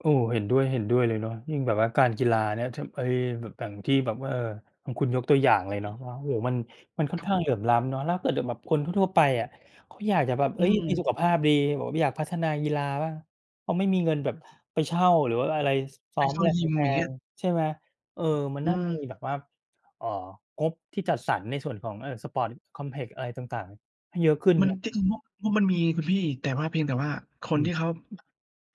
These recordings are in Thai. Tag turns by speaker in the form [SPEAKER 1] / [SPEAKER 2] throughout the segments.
[SPEAKER 1] โอ้ เห็นด้วย เห็นด้วยเลยเนาะ ยิ่งแบบว่าการกีฬานะ ท ไอ้ แบบอย่างที่แบบว่า เออ ของคุณยกตัวอย่างเลย
[SPEAKER 2] อ
[SPEAKER 1] เนาะ
[SPEAKER 2] ืม
[SPEAKER 1] ว่า โอ้โฮ มัน มันค่อ
[SPEAKER 2] ค
[SPEAKER 1] น
[SPEAKER 2] รับ
[SPEAKER 1] ข้า
[SPEAKER 2] ผ
[SPEAKER 1] ง
[SPEAKER 2] ม
[SPEAKER 1] เหลื่อมล้ำเนาะ แล้วถ้าเกิดอย่างแบบคนทั่ว ๆ ไปอะเขาอยากจะแบบ
[SPEAKER 2] อ
[SPEAKER 1] เ
[SPEAKER 2] ื
[SPEAKER 1] ฮ้ย มีสุ
[SPEAKER 2] ม
[SPEAKER 1] ขภาพดี แบบว่าอยากพัฒนากีฬาบ้าง เขาไม่มีเงินแ
[SPEAKER 2] อ
[SPEAKER 1] บบ
[SPEAKER 2] า
[SPEAKER 1] ไปเช่า หรือว่าอะไร ซ ซ
[SPEAKER 2] ไป
[SPEAKER 1] ้อม
[SPEAKER 2] เข้
[SPEAKER 1] อ
[SPEAKER 2] า
[SPEAKER 1] ะไร
[SPEAKER 2] ยิม
[SPEAKER 1] แพ
[SPEAKER 2] อย่างเงี้
[SPEAKER 1] ง
[SPEAKER 2] ย
[SPEAKER 1] ๆ ใช่ไหม เออ มัน
[SPEAKER 2] อื
[SPEAKER 1] น่าจะมี
[SPEAKER 2] ม
[SPEAKER 1] แบบว่า เอ่อ งบที่จัดสรรในส่วนของ เอ่อ sport complex อะไรต่าง ๆ ให้เยอะขึ้น
[SPEAKER 2] มั
[SPEAKER 1] เน
[SPEAKER 2] น
[SPEAKER 1] าะ
[SPEAKER 2] เป็นงบ งบมันมีคุณพี่ แต่ว่า เพียงแต่ว่าค
[SPEAKER 1] อ
[SPEAKER 2] นท
[SPEAKER 1] ื
[SPEAKER 2] ี
[SPEAKER 1] ม
[SPEAKER 2] ่เขา อ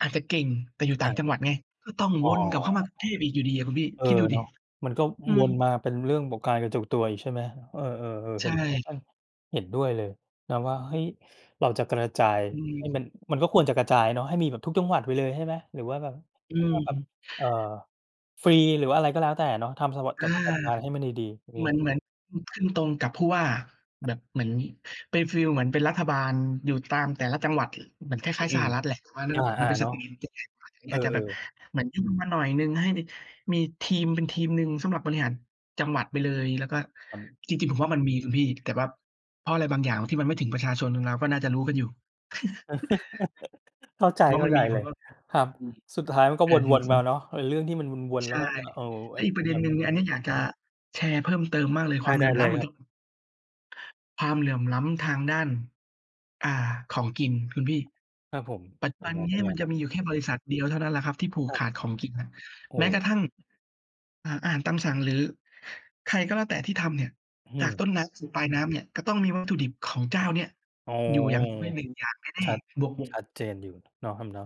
[SPEAKER 2] อาจจะเก่ง แต่อยู่ต
[SPEAKER 1] อ
[SPEAKER 2] ่า
[SPEAKER 1] า
[SPEAKER 2] งจังหวัดไง ก็ต้อง
[SPEAKER 1] อ๋อ
[SPEAKER 2] วนกลับเข้ามากรุงเทพอีกอยู่ดีอะคุณพี่
[SPEAKER 1] เออ
[SPEAKER 2] คิดดู
[SPEAKER 1] เ
[SPEAKER 2] ส
[SPEAKER 1] น
[SPEAKER 2] ิ
[SPEAKER 1] าะ มันก็
[SPEAKER 2] อ
[SPEAKER 1] อ
[SPEAKER 2] ื
[SPEAKER 1] ว
[SPEAKER 2] ม
[SPEAKER 1] นมาเป็นเรื่องบอก การกระจุกตัวอีก ใช่ไหม เออ ๆ
[SPEAKER 2] ใ
[SPEAKER 1] ๆ
[SPEAKER 2] ช
[SPEAKER 1] เห็นด้วย อ
[SPEAKER 2] ่
[SPEAKER 1] า เห็นด้วยเลยนะว่า เฮ้ย เราจะกระจาย
[SPEAKER 2] อื
[SPEAKER 1] ให
[SPEAKER 2] ม
[SPEAKER 1] ้มัน มันก็ควรจะกระจายเนาะให้มีทุกจังหวัดไปเลย ใช่ไหม หรือว่าแบบ
[SPEAKER 2] อ
[SPEAKER 1] ก็
[SPEAKER 2] ื
[SPEAKER 1] ต้องแบบ
[SPEAKER 2] ม
[SPEAKER 1] เอ่อ ฟรี หรือว่าอะไรก็แล้วแต่เนาะ ทำสวัส
[SPEAKER 2] อ
[SPEAKER 1] จ
[SPEAKER 2] า
[SPEAKER 1] จัดการให้มันดี ๆ อือฮ
[SPEAKER 2] เหมือ
[SPEAKER 1] ึ
[SPEAKER 2] น เหมือน อ ขึ้นตรงกับผู้ว่า
[SPEAKER 1] ครับ
[SPEAKER 2] แบบเหมือน เป็นฟีลเหมือนเป็นรัฐบาล อยู่ตามแต่ละจังหวัด เหมือนคล
[SPEAKER 1] อื
[SPEAKER 2] ้าย ๆ ส
[SPEAKER 1] ม
[SPEAKER 2] หรัฐแหละ แต่ว่าเรื
[SPEAKER 1] อ
[SPEAKER 2] ่องนี้มั
[SPEAKER 1] า
[SPEAKER 2] นเป็น
[SPEAKER 1] ๆ เ
[SPEAKER 2] ส
[SPEAKER 1] นา
[SPEAKER 2] เ
[SPEAKER 1] ะ
[SPEAKER 2] กลมันจะใหญ่กว่า ตรงนี
[SPEAKER 1] เ
[SPEAKER 2] ้
[SPEAKER 1] อ
[SPEAKER 2] อ
[SPEAKER 1] อ
[SPEAKER 2] าจจะแบบ
[SPEAKER 1] ๆ
[SPEAKER 2] เหมือนยุ่งขึ้นมาหน่อยหนึ่ง ให้มีทีมเป็นทีมหนึ่ง สำหรับบริหารจังหวัดไปเลย แล้วก็
[SPEAKER 1] ครับ
[SPEAKER 2] จริง ๆ ผมว่ามันมีคุณพี่ แต่ว่าเพราะอะไรบางอย่างที่มันไม่ถึงประชาชน เรา ๆ ก็น่าจะรู้กันอยู่
[SPEAKER 1] เข้าใจ
[SPEAKER 2] ผมว่า
[SPEAKER 1] เข้
[SPEAKER 2] มั
[SPEAKER 1] า
[SPEAKER 2] น
[SPEAKER 1] ใจ
[SPEAKER 2] มี เพ
[SPEAKER 1] เล
[SPEAKER 2] าว์
[SPEAKER 1] ย
[SPEAKER 2] เออร์ กีด
[SPEAKER 1] ค
[SPEAKER 2] ข
[SPEAKER 1] ร
[SPEAKER 2] ว
[SPEAKER 1] ั
[SPEAKER 2] า
[SPEAKER 1] บ
[SPEAKER 2] งอยู่
[SPEAKER 1] สุดท้ายมันก็
[SPEAKER 2] เออ อื
[SPEAKER 1] ว
[SPEAKER 2] อ
[SPEAKER 1] น ๆ มาเน
[SPEAKER 2] ฮึ
[SPEAKER 1] าะ ไอ้เรื่องที่มันวน
[SPEAKER 2] ใ
[SPEAKER 1] ๆ
[SPEAKER 2] ช
[SPEAKER 1] แล้
[SPEAKER 2] ่
[SPEAKER 1] วก็มา เอ่อ
[SPEAKER 2] แล
[SPEAKER 1] ไอ
[SPEAKER 2] ้ว
[SPEAKER 1] ้
[SPEAKER 2] อี
[SPEAKER 1] เ
[SPEAKER 2] ก
[SPEAKER 1] ป
[SPEAKER 2] ป
[SPEAKER 1] ็
[SPEAKER 2] ร
[SPEAKER 1] น
[SPEAKER 2] ะเด็
[SPEAKER 1] แบ
[SPEAKER 2] น
[SPEAKER 1] บ
[SPEAKER 2] หนึ
[SPEAKER 1] น
[SPEAKER 2] ่
[SPEAKER 1] ี
[SPEAKER 2] ง
[SPEAKER 1] ้
[SPEAKER 2] อันนี้อยากจะแชร์เพิ่มเติมมากเลย
[SPEAKER 1] ไ
[SPEAKER 2] ค
[SPEAKER 1] ด
[SPEAKER 2] วา
[SPEAKER 1] ้
[SPEAKER 2] มเหล
[SPEAKER 1] ได
[SPEAKER 2] ื่
[SPEAKER 1] ้
[SPEAKER 2] อมล
[SPEAKER 1] เล
[SPEAKER 2] ้ำเ
[SPEAKER 1] ย
[SPEAKER 2] หมือ
[SPEAKER 1] คร
[SPEAKER 2] น
[SPEAKER 1] ั
[SPEAKER 2] ท
[SPEAKER 1] บ
[SPEAKER 2] ความเหลื่อมล้ำทางด้าน อ่า ของกินคุณพี่
[SPEAKER 1] ครับผม
[SPEAKER 2] ปัจจ
[SPEAKER 1] เ
[SPEAKER 2] ุ
[SPEAKER 1] ป็
[SPEAKER 2] บ
[SPEAKER 1] น
[SPEAKER 2] ัน
[SPEAKER 1] ไง
[SPEAKER 2] น
[SPEAKER 1] เป
[SPEAKER 2] ี
[SPEAKER 1] ็
[SPEAKER 2] ้
[SPEAKER 1] นไง
[SPEAKER 2] มัน
[SPEAKER 1] ค
[SPEAKER 2] จ
[SPEAKER 1] รั
[SPEAKER 2] ะ
[SPEAKER 1] บ?
[SPEAKER 2] มีอยู่แค่บริษัทเดียวเท่านั้นแหละครับที่ผูก
[SPEAKER 1] ครั
[SPEAKER 2] ข
[SPEAKER 1] บ
[SPEAKER 2] าดของกินน่ะ
[SPEAKER 1] โอ
[SPEAKER 2] แม้กร
[SPEAKER 1] ้
[SPEAKER 2] ะทั่ง เอ่อ อาหารตามสั่ง หรือใครก็แล้วแต่ที่ทำเนี่ย
[SPEAKER 1] อื้อฮ
[SPEAKER 2] จ
[SPEAKER 1] ื
[SPEAKER 2] าก
[SPEAKER 1] อ
[SPEAKER 2] ต้นน้ำสู่ปลายน้ำเนี่ย ก็ต้องมี วัตถุดิบของเจ้าเนี้ย
[SPEAKER 1] อ๋อ
[SPEAKER 2] อยู่อย่างน้อย 1
[SPEAKER 1] ๆ
[SPEAKER 2] อย่างแน
[SPEAKER 1] ช
[SPEAKER 2] ่
[SPEAKER 1] ัด
[SPEAKER 2] ๆ บวกบว
[SPEAKER 1] ช
[SPEAKER 2] ก
[SPEAKER 1] ัดเจนอยู่เนาะครับเนาะ